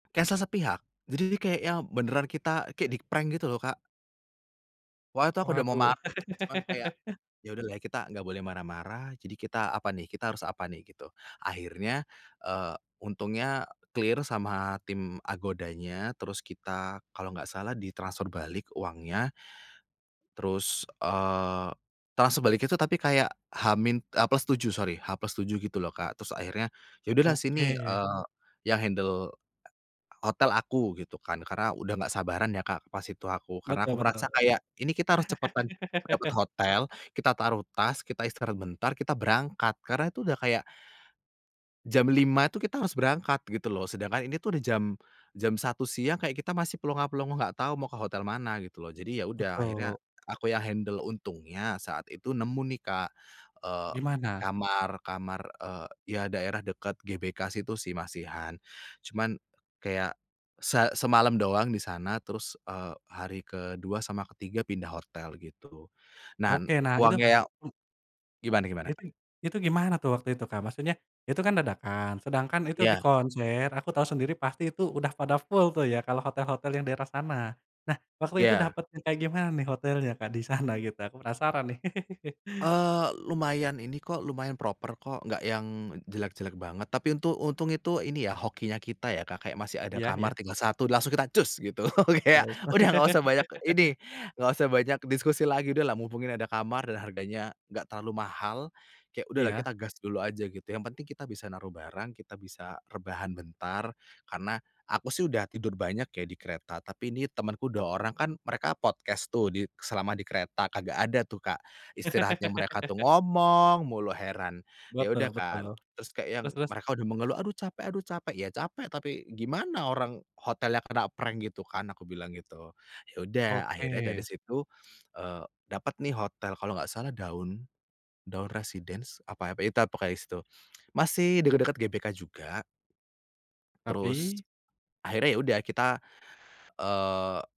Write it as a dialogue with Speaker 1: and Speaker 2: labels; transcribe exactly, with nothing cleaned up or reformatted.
Speaker 1: Cancel sepihak, jadi kayak yang beneran kita kek di-prank gitu loh, Kak. Waktu itu aku udah mau ma
Speaker 2: Waduh.
Speaker 1: cuman kayak ya udahlah kita nggak boleh marah-marah, jadi kita apa nih, kita harus apa nih, gitu. Akhirnya, eee, untungnya clear sama tim Agoda-nya, terus kita kalau enggak salah ditransfer balik uangnya. Terus, eee, transfer baliknya tuh tapi kayak H min, e plus tujuh sorry, H plus tujuh gitu loh Kak, terus akhirnya ya udahlah sini,
Speaker 2: Oke.
Speaker 1: eee, yang handle h hotel aku, gitu kan. Karena udah nggak sabaran ya Kak pas itu aku, karena
Speaker 2: Betul
Speaker 1: aku
Speaker 2: betul.
Speaker 1: merasa kayak, "Ini kita harus cepetan dapet hotel, kita taruh tas, kita istirahat bentar, kita berangkat." Karena itu udah kayak jam lima itu kita harus berangkat gitu loh. Sedangkan ini tuh udah jam jam satu siang, kayak kita masih plonga plongo nggak tahu mau ke hotel mana gitu loh. Jadi ya udah
Speaker 2: Betul.
Speaker 1: akhirnya aku yang handle untungnya saat itu nemu nih Kak, eee,
Speaker 2: Gimana?
Speaker 1: kamar kamar, eee, ya daerah dekat GBK situ sih masihan. Cuman kayak se semalem doang di sana terus, eee, hari kedua sama ketiga pindah hotel gitu. Nah n
Speaker 2: Oke. Nah itu
Speaker 1: uangnya yang
Speaker 2: hmm?
Speaker 1: gimana gimana, Kak?
Speaker 2: Besing itu gimana tuh waktu itu, Kak? Maksudnya, itu kan dadakan sedangkan itu di
Speaker 1: Iya.
Speaker 2: konser aku tahu sendiri pasti itu udah pada full tuh ya kalau hotel-hotel yang daerah sana. Nah, waktu itu
Speaker 1: Iya.
Speaker 2: dapetnya kayak gimana nih hotelnya Kak di sana, gitu? Aku penasaran nih.
Speaker 1: Eee, lumayan ini kok, lumayan proper kok nggak yang jelek-jelek banget. Tapi untuk untung itu ini ya hokinya kita ya Kak, kayak masih ada
Speaker 2: Iya iya.
Speaker 1: kamar tinggal satu langsung kita cus gitu, kayak
Speaker 2: Oh.
Speaker 1: udah nggak usah banyak ini, nggak usah banyak diskusi lagi, udahlah mumpung ini ada kamar dan harganya nggak terlalu mahal. Kayak udahlah
Speaker 2: Iya.
Speaker 1: kita gas dulu aja gitu, yang penting kita bisa naruh barang, kita bisa rebahan bentar, karena aku sih udah tidur banyak ya di kereta, tapi ini temenku dua orang kan mereka podcast tuh di selama di kereta, kagak ada tuh Kak istirahatnya mereka tuh ngomong mulu, heran. Ya udah
Speaker 2: Betul betul.
Speaker 1: kan, terus kayak yang
Speaker 2: Terus terus?
Speaker 1: mereka udah mengeluh, "Aduh capek aduh capek." "Ya capek tapi gimana orang hotelnya kena prank gitu kan," aku bilang gitu. Ya udah akhirnya dari
Speaker 2: Oke.
Speaker 1: situ, eee, dapat nih hotel, kalau nggak salah Daun Daun Residence apa apa ya tap pokoknya sih itu, masih deket-deket GBK juga. Terus,
Speaker 2: Tapi?
Speaker 1: akhirnya ya udah kita, eee